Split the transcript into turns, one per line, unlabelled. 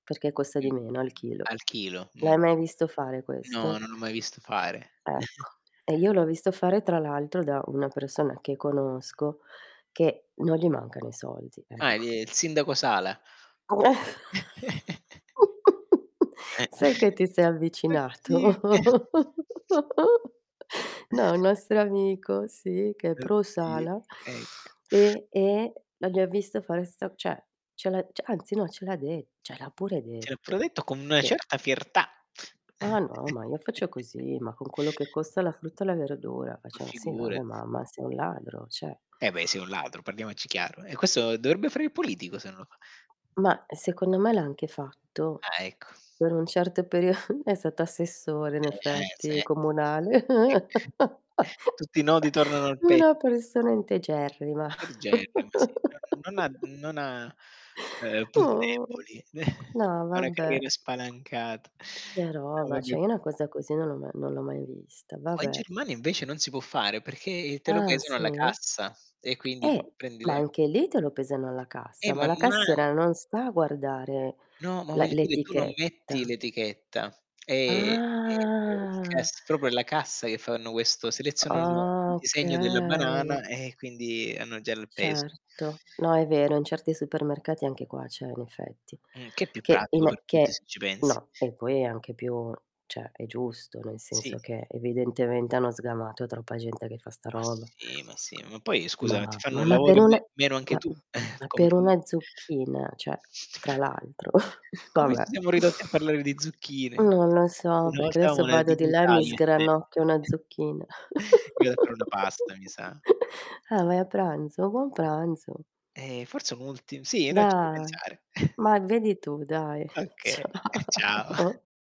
Perché costa
Mh.
di meno al chilo.
Al chilo, mh.
L'hai mai visto fare
No,
questo?
non l'ho mai visto fare.
Ecco, e io l'ho visto fare, tra l'altro, da una persona che conosco che non gli mancano i soldi,
Ah,
ecco.
di e il sindaco Sala. Eh
Sai che ti sei
Oddi
avvicinato?
e
No, un nostro amico, sì, che è
Oddio,
pro-sala
ecco.
e e la gli ha visto fare sta cioè, ce l'ha anzi no, ce l'ha de ce l'ha pure
Cioè, l'ha pure
detto
detto con una
che
certa fiertà.
Ah, no, ma io faccio così, ma con quello che costa la frutta e la verdura,
Ma
facciam: "Sì, va beh,
figurati.
ma ma sei un ladro, cioè"
Eh beh, sei, un ladro, parliamoci chiaro. Eh, questo dovrebbe fare il politico se non lo fa.
Mah, secondo me l'ha anche fatto;
Ah, ecco.
per un certo perio è stato assessore, in effetti, comunale.
[unintelligible] Ecc tutti i nodi tornano al pettine.
Una persona integerrima.
Del genere. Ma sì, non non ha non ha, ehm, punti
Oh,
deboli. N
no
ha una
vabbè.
carriera spalancata.
Che
No,
roba,
vabbè
cioè io
c
una cosa così non l'ho ma non l'ho mai vista,
Qua in
vabbè.
Germania, invece non si può fare perché il te lo
Ah,
pesano
sì?
alla cassa e quindi tu
Eh,
prendi
ma
le
anche lì te lo pesano alla
Eh,
cassa, ma
ma
la
no ha
cassiera non sta a guardare
No, ma
la
voglio dire tu non metti
l'etichetta.
l'etichetta, è è è il
Ah!
cass proprio è la cassa che fanno questo selezionano un
Ah,
disegno della
okay.
banana, e quindi hanno già il peso.
Certo. No, è vero in certi supermercati anche qua c'è, in effetti.
Mh, che è più
Che,
pratico
in
per
e
tutti se
che
ci pensi.
no, e poi è anche più cioè, è giusto, nel
Sì.
senso che evidentemente hanno sgamato troppa gente che fa sta
Ma
roba.
sì, ma sì. Ma poi scusa, ma ti
Ma
fanno
ma
il
ma
lavoro
per
in
una
me meno anche
ma,
tu?
[unintelligible]
Come
per
ti
una zucchina, cioè, tra l'altro va
Come ci
beh!
siamo ridotti a parlare di zucchine?
Non lo so,
Una
perché
volta avevamo
adesso
la
vado di là e
dignità
mi
io e te.
sgranocchio una zucchina.
Mi vado a fare una pasta, mi sa.
Ah, vai a pranzo? Buon pranzo.
Ehm, forse un ultim sì no,
Da
ci devo pensare.
ma e vedi tu dai.
Okay, ciao.
Ciao